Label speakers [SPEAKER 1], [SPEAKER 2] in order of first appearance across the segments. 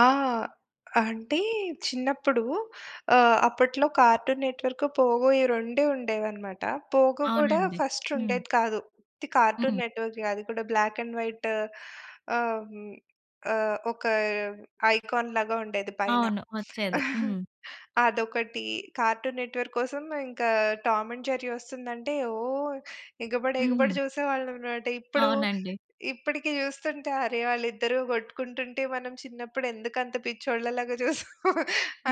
[SPEAKER 1] ఆ! అంటే చిన్నప్పుడు ఆహ్, అప్పట్లో 'కార్టూన్ నెట్ వర్క్', పోగో ఈ రెండే ఉండేదన్నమాట. 'పోగో' కూడా
[SPEAKER 2] అవునండి.
[SPEAKER 1] ఫస్ట్
[SPEAKER 2] హ్మ్.
[SPEAKER 1] ఉండేది కాదు. ఉత్తి 'కార్టూన్
[SPEAKER 2] హ్మ్.
[SPEAKER 1] నెట్ వర్క్' అది కూడా బ్లాక్ అండ్ వైట్. ఆహ్, హ్మ్, ఆహ్, ఒక ఐకాన్ లాగా ఉండేది పైన.
[SPEAKER 2] అవును. ఒచ్చేది. హ్మ్.
[SPEAKER 1] అదొకటి. 'కార్టూన్ నెట్ వర్క్' కోసం ఇంకా 'టామ్ అండ్ జెర్రీ' ఒస్తుందంటే ఓహ్! ఎగబడి ఎగబడి
[SPEAKER 2] హుహు.
[SPEAKER 1] జూసేవాళ్ళం మాట. ఇప్పుడు,
[SPEAKER 2] అవునండి.
[SPEAKER 1] ఇప్పడికి జూస్తుంటే అరె! వాళ్ళిద్దరు గొట్టుకుంటుంటే మనం చినప్పుడెందుకంత పిచ్చోళ్ళ లాగా జూసాం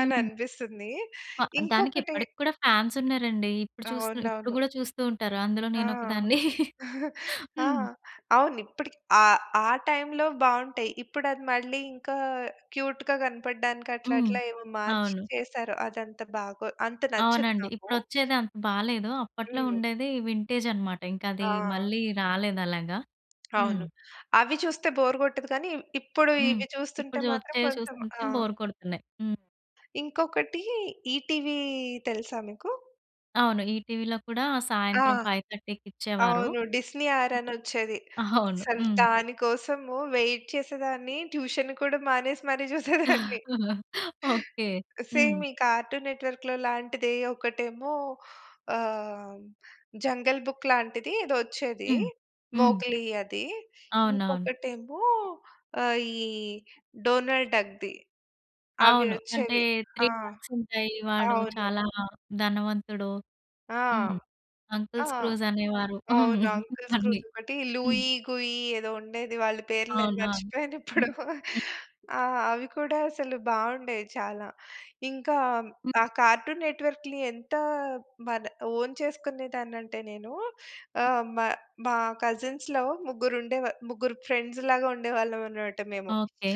[SPEAKER 1] అని అనిపిస్తుంది.
[SPEAKER 2] ప దానికి
[SPEAKER 1] ఇంకొకటి
[SPEAKER 2] ఇప్పటికూడా ఫ్యాన్స్ ఉన్నారండి. ఇప్పుడు చూస్తూ ఇప్పుడు
[SPEAKER 1] అవునవును.
[SPEAKER 2] గూడా చూస్తూంటారు అందులో
[SPEAKER 1] ఆ!
[SPEAKER 2] నేనొకదాన్ని.
[SPEAKER 1] ఆ!
[SPEAKER 2] హ్మ్.
[SPEAKER 1] అవును. ఇప్పటికి ఆ! ఆ టైంలో బాగుంటాయి. ఇప్పుడది మళ్ళీ ఇంకా క్యూట్‌గా కనపడడానికి అట్లా
[SPEAKER 2] హ్మ్.
[SPEAKER 1] అట్లా ఏవో మార్చి
[SPEAKER 2] అవును.
[SPEAKER 1] చేసారు. అదంత బాగో అంత నచ్చదు
[SPEAKER 2] అవునండి.
[SPEAKER 1] నాకు.
[SPEAKER 2] ఇపుడొచ్చేదంత బాలేదు. అప్పట్లో
[SPEAKER 1] హ్మ్.
[SPEAKER 2] ఉండేది వింటేజ్ అన్నమాట. ఇంకది
[SPEAKER 1] ఆ!
[SPEAKER 2] మళ్ళీ రాలేదలాగా. హ్మ్.
[SPEAKER 1] అవును. అవి చూస్తే బోర్ గొట్టదు గాని, ఇవి ఇప్పుడు
[SPEAKER 2] హ్మ్.
[SPEAKER 1] ఇవి చూస్తుంటే
[SPEAKER 2] ఇప్పుడు
[SPEAKER 1] మాత్రం
[SPEAKER 2] చుతే,
[SPEAKER 1] కొంచెం ఆ!
[SPEAKER 2] చూసుకుంటే బోర్ కొడుతున్నాయి. హ్మ్.
[SPEAKER 1] ఇంకొకటి 'ఈటీవీ' తెలుసా మీకు?
[SPEAKER 2] అవును. ఈటీవీలో కూడా
[SPEAKER 1] ఆ!
[SPEAKER 2] సాయంత్రం 5:30 ఇచ్చేవారు.
[SPEAKER 1] అవును. 'డిస్నీ ఆర్'
[SPEAKER 2] హ్మ్.
[SPEAKER 1] అనొచ్చేది.
[SPEAKER 2] ఆ! అవును.
[SPEAKER 1] అసలు
[SPEAKER 2] హ్మ్.
[SPEAKER 1] దాని కోసము వెయిట్ చేసేదాన్ని ట్యూషన్ కూడా మానేసి మరి జూసేదాన్ని.
[SPEAKER 2] ఓకే. హ్మ్.
[SPEAKER 1] సేమ్ ఈ 'కార్టూన్ నెట్ వర్క్‌'లో లాంటిదే. ఒకటేమో ఆహ్, 'జంగల్ బుక్' లాంటిది ఏదొ ఒచ్చేది.
[SPEAKER 2] హ్మ్. హ్మ్.
[SPEAKER 1] మోగ్లీ అది.
[SPEAKER 2] అవునవును.
[SPEAKER 1] ఇంకొకటేమో ఆహ్, ఈ డోనాల్డ్ డక్ ది. అవి
[SPEAKER 2] అవును. అంటే,
[SPEAKER 1] ఒచ్చేవి.
[SPEAKER 2] 3
[SPEAKER 1] ఆ!
[SPEAKER 2] బాక్సుంటాయి. వాడు
[SPEAKER 1] అవును.
[SPEAKER 2] చాలా ధనవంతుడు.
[SPEAKER 1] ఆ!
[SPEAKER 2] హ్మ్.
[SPEAKER 1] ఆ!
[SPEAKER 2] అంకల్స్ క్రూజ్ అనేవారు. హ్మ్.
[SPEAKER 1] అవునవును. 'Uncle
[SPEAKER 2] funny.
[SPEAKER 1] స్క్రూజ్' ఒకటి
[SPEAKER 2] హ్మ్.
[SPEAKER 1] లూయి గుయ్యి ఏదో ఉండేది. వాళ్ళ పేర్లు అయి
[SPEAKER 2] అవునవును.
[SPEAKER 1] మర్చిపోయానిప్పుడు.
[SPEAKER 2] హ్మ్. హ్మ్.
[SPEAKER 1] ఆహ్, అవి కూడా అసలు బాగుండేయి చాలా. ఇంకా
[SPEAKER 2] హ్మ్.
[SPEAKER 1] ఆ కార్టూన్ నెట్ వర్క్‌లి ఎంత మన ఓన్ చేసుకునేదానంటే నేను. ఆహ్, మా మా కజిన్స్‌లో ముగ్గురుండేవా ముగ్గురు ఫ్రెండ్స్ లాగా ఉండేవాళ్ళమనమాట మేము.
[SPEAKER 2] ఓకే.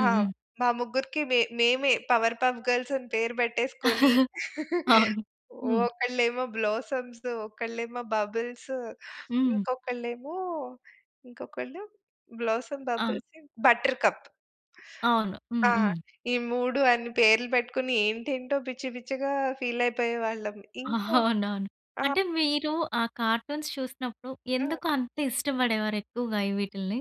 [SPEAKER 1] ఆ!
[SPEAKER 2] హ్మ్.
[SPEAKER 1] మా ముగ్గురికి మే మేమే పవర్ పఫ్ గర్ల్స్ అని పేరు బెట్టేసుకొని.
[SPEAKER 2] అవును. హ్మ్.
[SPEAKER 1] ఒకళ్ళేమో బ్లోసమ్స్, ఒకలేమో బబుల్స్,
[SPEAKER 2] హ్మ్.
[SPEAKER 1] ఇంకొకళ్ళేమో, ఇంకొకళ్ళు బ్లోసమ్
[SPEAKER 2] ఆ!
[SPEAKER 1] Bubbles, Buttercup.
[SPEAKER 2] అవును.
[SPEAKER 1] ఆ!
[SPEAKER 2] హ్మ్. హ్మ్.
[SPEAKER 1] ఈ 3 అన్ని పేర్లు పెట్టుకొని ఏంటేంటో పిచ్చి పిచ్చిగా ఫీల్ అయిపోయేవాళ్ళం. ఇంకో
[SPEAKER 2] అవునవును.
[SPEAKER 1] ఆ!
[SPEAKER 2] అంటే మీరు ఆ కార్టూన్స్ చూసినప్పుడు
[SPEAKER 1] ఆ!
[SPEAKER 2] ఎందుకంత ఇష్టపడేవారు ఎక్కువగా వీటిల్ని?